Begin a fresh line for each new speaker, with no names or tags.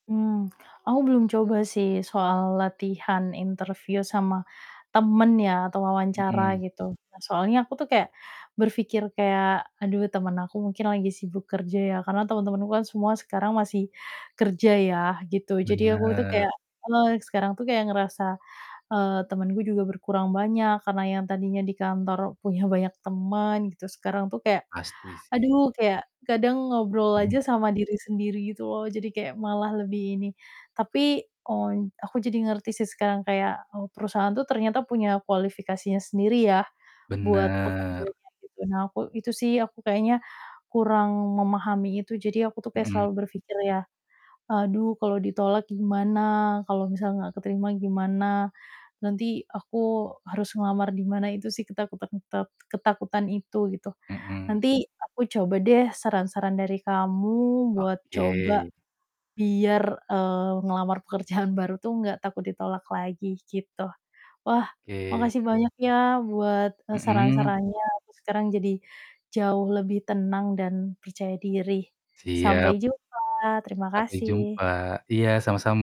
Mmm, aku belum coba sih soal latihan interview sama temen ya, atau wawancara
Mhm.
gitu, soalnya aku tuh kayak berpikir kayak, "Aduh, temen aku mungkin lagi sibuk kerja ya." Karena temen-temenku kan semua sekarang masih kerja ya, gitu. Jadi, aku itu
Benar.
kayak heeh, sekarang tuh kayak ngerasa, eee, temenku juga berkurang banyak, karena yang tadinya di kantor punya banyak temen gitu, sekarang tuh kayak,
Pasti sih.
aduh, kayak kadang ngobrol aja
Mmm.
sama diri sendiri gitu loh, jadi kayak malah lebih ini. Tapi, on aku jadi ngerti sih sekarang kayak, eee, perusahaan tuh ternyata punya kualifikasinya sendiri ya, buat
Benar.
pekerjanya, gitu. Nah aku itu sih aku kayaknya kurang memahami itu jadi aku tuh kayak
Mhm.
selalu berpikir ya, "Aduh, kalau ditolak gimana? Kalau misalnya nggak keterima gimana? Nanti aku harus ngelamar di mana?" Itu sih, ketak ketak keten ketakutan itu, gitu.
Mhm.
Nanti, aku coba deh saran-saran dari kamu buat coba
Oke.
biar, eee, ngelamar pekerjaan baru tuh nggak takut ditolak lagi, gitu. Wah,
Oke.
makasih banyak ya, buat, eee,
Mhm.
saran-sarannya sekarang jadi jauh lebih tenang dan percaya diri. Sampai
Siap
jumpa, terima
Sampai
kasih.
jumpa, iya, sama sam